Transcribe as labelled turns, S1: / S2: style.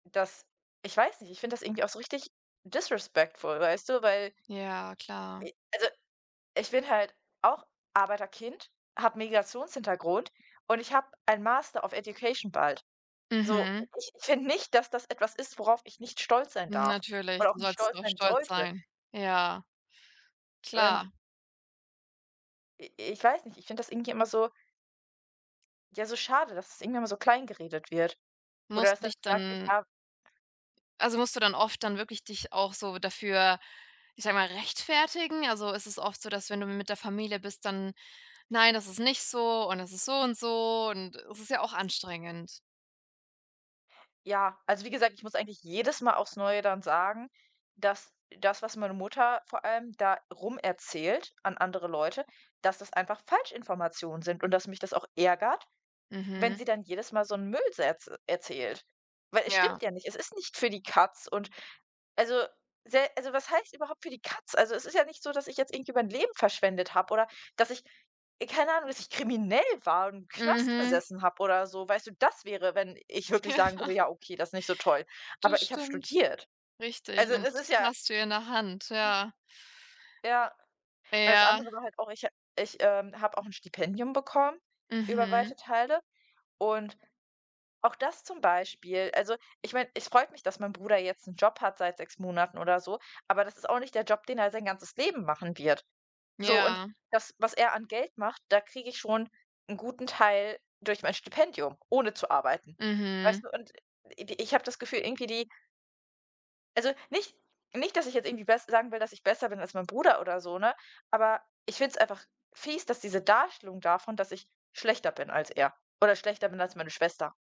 S1: Das ich weiß nicht, ich finde das irgendwie auch so richtig disrespectful, weißt du? Weil
S2: Ja, klar.
S1: j also, ich bin halt auch Arbeiterkind, habe Migrationshintergrund und ich habe ein „Master of Education“ bald. So,
S2: Mhm.
S1: ich ich finde nicht, dass das etwas ist, worauf ich nicht stolz sein darf
S2: Natürlich,
S1: oder auch
S2: du
S1: nicht
S2: sollst
S1: stolz
S2: doch
S1: sein
S2: stolz
S1: sollte.
S2: sein. Ja.
S1: Und
S2: Klar.
S1: i ich weiß nicht, ich finde das irgendwie immer so ja, so schade, dass es irgendwie immer so klein geredet wird. Oder dass
S2: Musst
S1: dann
S2: dich
S1: gesagt wird,
S2: dann
S1: ja
S2: also, musst du dann oft dann wirklich dich auch so dafür- ich sage mal- rechtfertigen? Also, ist es oft so, dass wenn du mit der Familie bist, dann: „Nein, das ist nicht so und es ist so und so,“ und es ist ja auch anstrengend?
S1: Ja, also, wie gesagt, ich muss eigentlich jedes Mal aufs Neue dann sagen, dass das, was meine Mutter vor allem da rum erzählt an andere Leute, dass das einfach Falschinformationen sind und, dass mich das auch ärgert, wenn
S2: Mhm.
S1: sie dann jedes Mal so 'n Müll so erz erzählt. Weil es
S2: Ja.
S1: stimmt ja nicht. Es ist nicht für die Katz und also, sehr also, was heißt überhaupt für die Katz? Also, es ist ja nicht so, dass ich jetzt irgendwie mein Leben verschwendet habe oder dass ich, e keine Ahnung, dass ich kriminell war und im Knast
S2: Mhm.
S1: gesessen habe oder so. Weißt du, das wäre, wenn ich wirklich sagen
S2: Ja.
S1: würde: „Ja okay, das ist nicht so toll.“
S2: Das
S1: Aber ich habe
S2: stimmt.
S1: studiert.
S2: Richtig
S1: Also,
S2: und
S1: es ist ja
S2: hast du ja in der Hand, ja.
S1: Ja. Weil's andere
S2: Ja.
S1: war halt auch, ich ha ich, ähm, habe auch 'n Stipendium bekommen über
S2: Mhm.
S1: weite Teile. Und auch das zum Beispiel, also, ich meine, es freut mich, dass mein Bruder jetzt 'n Job hat seit 6 Monaten oder so, aber das ist auch nicht der Job, den er sein ganzes Leben machen wird. So, und
S2: Ja.
S1: das, was er an Geld macht, da kriege ich schon 'n guten Teil durch mein Stipendium, ohne zu arbeiten.
S2: Mhm.
S1: Weißt du? Und, äh, ich ich habe das Gefühl irgendwie die also, nicht nicht dass ich jetzt irgendwie bess sagen will das ich besser bin als mein Bruder oder so, ne? Aber ich finde es einfach fies, dass diese Darstellung davon, dass ich schlechter bin als er oder schlechter bin als meine Schwester.